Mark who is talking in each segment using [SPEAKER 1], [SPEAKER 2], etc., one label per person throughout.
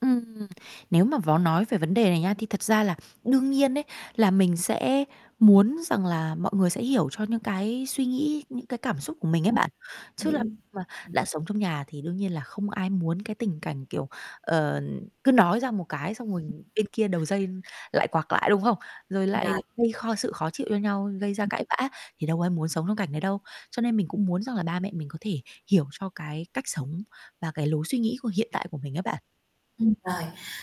[SPEAKER 1] Ừm. Nếu mà vói nói về vấn đề này nhá, thì thật ra là đương nhiên ấy là mình sẽ muốn rằng là mọi người sẽ hiểu cho những cái suy nghĩ, những cái cảm xúc của
[SPEAKER 2] Đúng
[SPEAKER 1] mình ấy bạn. Chứ
[SPEAKER 2] rồi,
[SPEAKER 1] làm
[SPEAKER 2] hiểu,
[SPEAKER 1] gì mà
[SPEAKER 2] ừm.
[SPEAKER 1] đã sống trong nhà thì đương nhiên là không ai muốn cái tình cảnh kiểu, ờ, cứ nói ra một cái xong rồi bên kia đầu
[SPEAKER 2] [unintelligible]
[SPEAKER 1] dây lại quạc lại, đúng không? Rồi lại
[SPEAKER 2] Rồi.
[SPEAKER 1] gây kho sự khó chịu cho nhau, gây ra
[SPEAKER 2] Ừm.
[SPEAKER 1] cãi vã thì đâu có ai muốn sống trong cảnh đấy đâu. Cho nên mình cũng muốn rằng là ba mẹ mình có thể hiểu cho cái cách sống và cái lối suy nghĩ của hiện tại của mình ấy bạn.
[SPEAKER 2] Ừm, rồi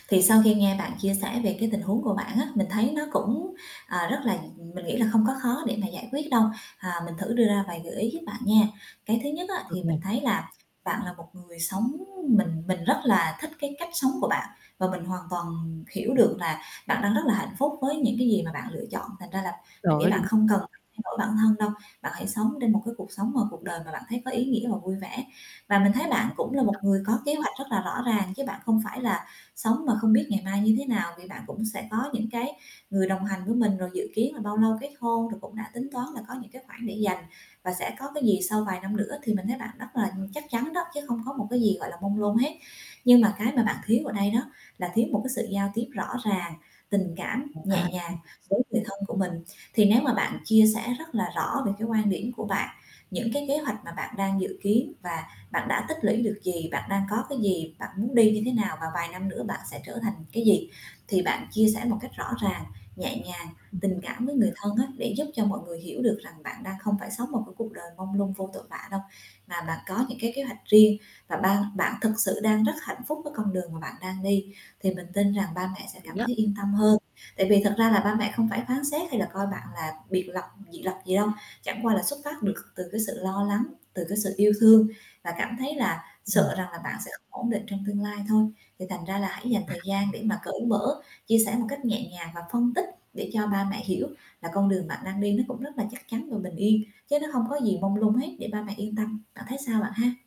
[SPEAKER 2] thì sau khi nghe bạn chia sẻ về cái tình huống của bạn á, mình thấy nó cũng, ờ, rất là mình nghĩ là không có khó để mà giải quyết đâu. À, mình thử đưa ra vài gợi ý giúp bạn nha. Cái thứ nhất á
[SPEAKER 1] Được
[SPEAKER 2] thì
[SPEAKER 1] nè.
[SPEAKER 2] mình thấy là bạn là một người sống mình mình rất là thích cái cách sống của bạn và mình hoàn toàn hiểu
[SPEAKER 1] Ừm.
[SPEAKER 2] được là bạn đang rất là hạnh phúc với những cái gì mà bạn lựa chọn, thành ra là
[SPEAKER 1] Trời
[SPEAKER 2] mình nghĩ
[SPEAKER 1] ơi,
[SPEAKER 2] bạn
[SPEAKER 1] đúng.
[SPEAKER 2] không cần phải thay đổi bản thân đâu, bạn hãy sống trên một cái cuộc sống mà cuộc đời mà bạn thấy có ý nghĩa và vui vẻ. Và mình thấy bạn cũng là một
[SPEAKER 1] [unintelligible]
[SPEAKER 2] người có kế hoạch rất là rõ ràng chứ bạn không phải là sống mà không biết ngày mai như thế nào, vì bạn cũng sẽ có những cái người đồng hành với mình, rồi dự kiến là bao lâu kết hôn rồi cũng đã tính toán là có những cái khoản để dành, và sẽ có cái gì sau vài năm nữa thì mình thấy bạn rất là chắc chắn đó chứ không có một cái gì, gọi là, mông lung hết. Nhưng mà cái mà bạn
[SPEAKER 1] [unintelligible]
[SPEAKER 2] thiếu ở đây đó là thiếu một cái sự giao tiếp rõ ràng, tình cảm
[SPEAKER 1] À,
[SPEAKER 2] nhẹ
[SPEAKER 1] ừm.
[SPEAKER 2] nhàng với người thân của mình. Thì nếu mà bạn chia sẻ rất là rõ về cái quan điểm của bạn, những cái kế hoạch mà bạn đang dự kiến và bạn đã tích lũy được gì, bạn đang có cái gì, bạn muốn đi như thế nào và vài năm nữa bạn sẽ trở thành cái gì thì bạn chia sẻ một cách rõ ràng, nhẹ nhàng,
[SPEAKER 1] Ừm.
[SPEAKER 2] tình cảm với người thân á, để giúp cho mọi người hiểu được rằng bạn đang không phải sống một, cái, cuộc đời mông lung vô tội vạ đâu. Và bạn có những cái kế hoạch riêng và ban bạn thực sự đang rất hạnh phúc với con đường mà bạn đang đi, thì mình tin rằng ba
[SPEAKER 1] Hợp
[SPEAKER 2] mẹ sẽ
[SPEAKER 1] lý
[SPEAKER 2] cảm
[SPEAKER 1] á.
[SPEAKER 2] thấy yên tâm hơn. Tại vì thật ra là ba mẹ không phải phán xét hay là coi bạn là biệt lập dị lập gì đâu, chẳng qua là xuất phát được từ cái sự lo lắng, từ cái sự yêu thương và cảm thấy là
[SPEAKER 1] Ừm.
[SPEAKER 2] sợ rằng là bạn sẽ không ổn định trong tương lai thôi. Thì thành ra là hãy dành thời gian
[SPEAKER 1] À.
[SPEAKER 2] để mà cởi mở, chia sẻ một cách nhẹ nhàng và phân tích để cho ba mẹ hiểu là con đường bạn đang đi nó cũng rất là chắc chắn và bình yên, chứ nó không có gì mông lung hết để ba mẹ yên tâm. Bạn thấy sao bạn ha?